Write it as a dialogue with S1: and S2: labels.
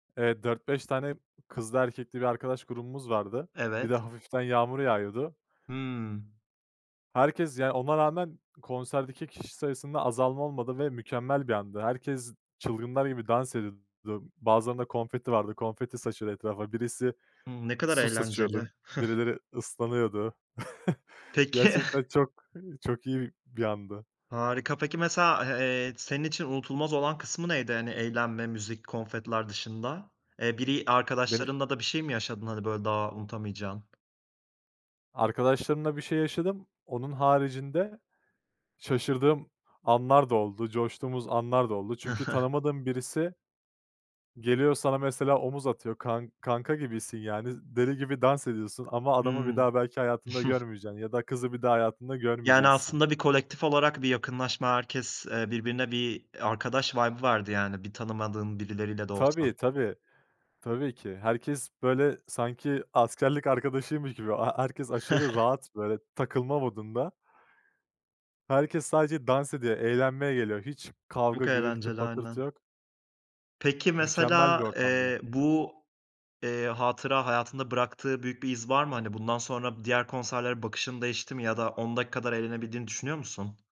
S1: Evet, 4-5 dört beş tane kızlı erkekli bir arkadaş grubumuz vardı. Bir de
S2: Evet.
S1: hafiften yağmur yağıyordu.
S2: Hımm.
S1: Herkes, yani, ona rağmen konserdeki kişi sayısında azalma olmadı ve mükemmel bir andı. Herkes çılgınlar gibi dans ediyordu. Bazılarında konfeti vardı, konfeti saçıyordu etrafa. Birisi
S2: Hımm, ne kadar
S1: su saçıyordu,
S2: eğlenceli.
S1: birileri ıslanıyordu.
S2: Peki.
S1: Gerçekten çok, eee, çok iyi bir andı.
S2: Harika, peki, mesela, a eee, senin için unutulmaz olan kısmı neydi, hani, eğlenme, müzik, konfetiler dışında, eee, biri
S1: Beni
S2: arkadaşlarınla da bir şey mi yaşadın? Hani, böyle daha unutamayacağın?
S1: Arkadaşlarımla bir şey yaşadım. Onun haricinde şaşırdığım anlar da oldu, coştuğumuz anlar da oldu. Çünkü tanımadığım birisi geliyor sana mesela omuz atıyor kan kanka gibisin yani, z deli gibi dans ediyorsun, ama adamı bir
S2: Hımm.
S1: daha belki hayatında görmeyeceksin ya da kızı bir daha hayatında
S2: Yani,
S1: görmeyeceksin.
S2: aslında bir kolektif olarak bir yakınlaşma, herkes, eee, birbirine bir arkadaş vibe'ı vardı. Yani, bir tanımadığın birileriyle de olsa.
S1: Tabii, tabii, tabii ki. Herkes böyle, sanki, askerlik arkadaşıymış gibi. A ha herkes aşırı rahat böyle takılma modunda Herkes sadece dans ediyor, eğlenmeye geliyor. Hiç kavga,
S2: Çok
S1: gürültü,
S2: eğlenceli
S1: patırtı
S2: aynen.
S1: yok.
S2: Peki,
S1: Mükemmel bir
S2: mesela,
S1: ortamdı ya.
S2: eee, bu, eee, hatıra, hayatında bıraktığı büyük bir iz var mı? Hani, bundan sonra diğer konserlere bakışın değişti mi ya da ondaki kadar eğlenebildiğini düşünüyor musun?